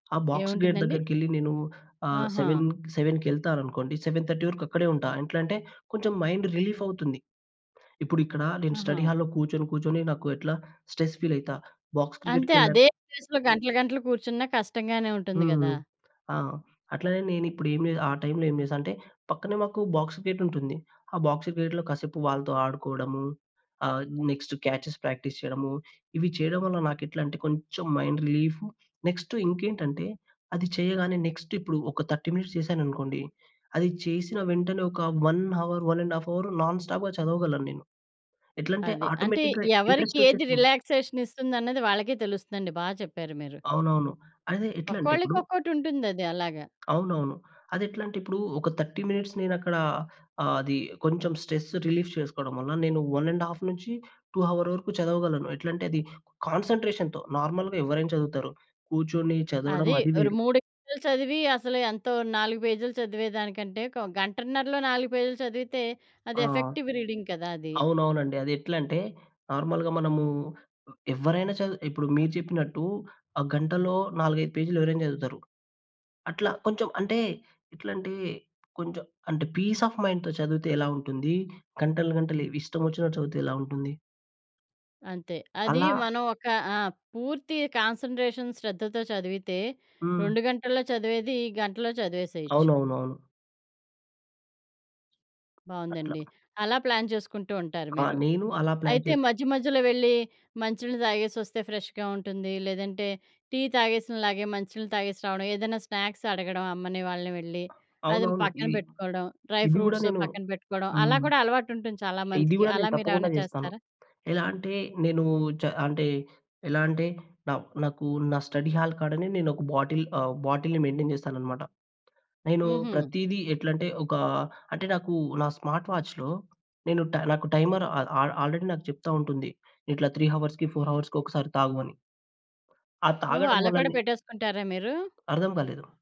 ఆ! Box gate ఏవుంటుందండి? దగ్గరకెళ్లి నేనూ ఆహ్, ఆహా! సెవెన్ సెవెన్‌కెళ్తాననుకోండి, 7:30 వరకు అక్కడే ఉంటా. ఎట్లంటే, కొంచెం మైండ్ రిలీఫవుతుంది. ఇప్పుడిక్కడా నేను ఆహా! స్టడీ హాల్‌‌‌‌లో కూర్చొని, కూర్చొని నాకు ఎట్లా, స్ట్రెస్ ఫీలయితా. బాక్స్ అంతే. క్రికెట్‌కెళ్ళా అదే ప్లేస్‌లో గంటలు గంటలు కూర్చున్న కష్టంగానే ఉంటుంది గదా! హ్మ్. ఆ! అట్లనే నేనిప్పుడు ఏం జే ఆ టైమ్‌లో ఏం జేశా అంటే, పక్కనే మాకు బాక్స్ గేటుంటుంది. ఆ బాక్స్ గేట్‌లో కాసేపు వాళ్ళతో ఆడుకోడము, ఆహ్, నెక్స్ట్ క్యాచెస్ ప్రాక్టీస్ చెయడము, ఇవి చెయడం వల్ల నాకెట్లంటే, కొంచం మైండ్ రిలీఫు. నెక్స్టు ఇంకేంటంటే, అది చెయ్యగానే నెక్స్ట్ ఇప్పుడు ఒక 30 మినిట్స్ చేశాననుకోండి, అది చేసిన వెంటనే ఒక 1 హవర్, 1:30 అవరు నాన్ స్టాప్‌గా చదవగలను నేను. ఎట్లంటే, అది. అంటే, ఆటోమేటిక్‌గా ఎవరికి ఏది ఇంట్రస్టొచ్చేస్తుంది. రిలాక్సేషనిస్తుందన్నది వాళ్ళకే తెలుస్తుందండి. బా చెప్పారు మీరు. అవునవును. అదే. ఎట్లంటె ఒక్కోళ్ళకి ఇప్పుడు ఒక్కోటుంటుందది అలాగా. అవునవును. అదెట్లంటిప్పుడూ ఒక 30 మినిట్స్ నేనక్కడా ఆహ్, అదీ కొంచెం స్ట్రెస్ రిలీఫ్ చేసుకోడం వల్ల నేను 1:30-2 హవర్ వరకు చదవగలను. ఎట్లంటే, అది కాన్సన్‌ట్రేషన్‌తో. నార్మల్‌గా ఎవ్వరైనా చదువుతారు. కూర్చొని చదవడం, అది. అది ఒరు వేరు. 3 గంటలు చదివి, అసలు ఎంతో 4 పేజీలు చదివే దానికంటే, ఒక గంటన్నరలో 4 పేజీలు చదివితే అది ఆ! ఎఫెక్టివ్ రీడింగ్ కదా! అది. అవునవునండి. అదెట్లంటే, నార్మల్‌గా మనమూ హ్మ్, ఎవ్వరైనా చదు ఇప్పుడు మీరు చెప్పినట్టూ, ఆ గంటలో 4, 5 పేజీలు ఎవరైనా చదువుతారు. అట్లా కొంచం అంటే, ఇట్లాంటియి కొంచం అంటే, పీసాఫ్ మైండ్‌తో చదువితే ఎలా ఉంటుంది, గంటలు గంటలీవ్ ఇష్టమొచ్చినట్టు చదువితే ఎలా ఉంటుంది. అంతే. అదీ అలా మనం ఒక ఆ! పూర్తి కాన్సంట్రేషన్ శ్రద్ధతో చదివితే, హ్మ్. 2 గంటల్లో చదివేది గంటలో చదివేసేయొచ్చు. అవునవునవును. అట్లా. బావుందండి. అలా ప్లాన్ చేసుకుంటూ ఉంటారు ఆ! మీరు. నేను అలా ప్లాన్ అయితే, చేస్ మధ్య మధ్యలో వెళ్ళి మంచి నీళ్ళు దాగేసొస్తే ఫ్రెష్‌గా ఉంటుందీ లేదంటే టీ తాగేసిన లాగే మంచి నీళ్ళు తాగేసి రావడం, ఏదన్నా స్నాక్స్ అడగడం అమ్మని, వాళ్ళని వెళ్ళి, అదిమ్ అవునవును. పక్కన ఇది, పెట్టుకోడం. డ్రై ఇది గూడా ఫ్రూట్స్ నేను పక్కన పెట్టుకోడం. అలా హ్మ్. కూడా అలవాటుంటుంది చాలా ఇది మందికి. గూడా అలా నేను తప్పకుండా మీరేవైనా చేస్తాను. చేస్తారా? ఎలా అంటే, నేనూ చ అంటే, ఎలా అంటే, నావ్ నాకూ నా స్టడీ హాల్ కాడనే నేనొక బాటిల్ ఆహ్, బాటిల్‌ని మెయింటైన్ జేస్తాననమాట. నేనూ హుహు. ప్రతీదీ ఎట్లంటే, ఒకా అంటే, నాకూ నా స్మార్ట్ వాచ్‌లో నేను ట నాకు టైమర్ ఆ ఆ ఆల్రెడీ నాకు చెప్తా ఉంటుంది. ఇట్లా 3 హవర్స్‌కి, 4 హవర్స్‌కి ఒకసారి తాగు అని. ఆ ఓహో! తాగడం అలా కూడా వల్లనే పెట్టేసుకుంటారా మీరు? అర్థం కాలేదు.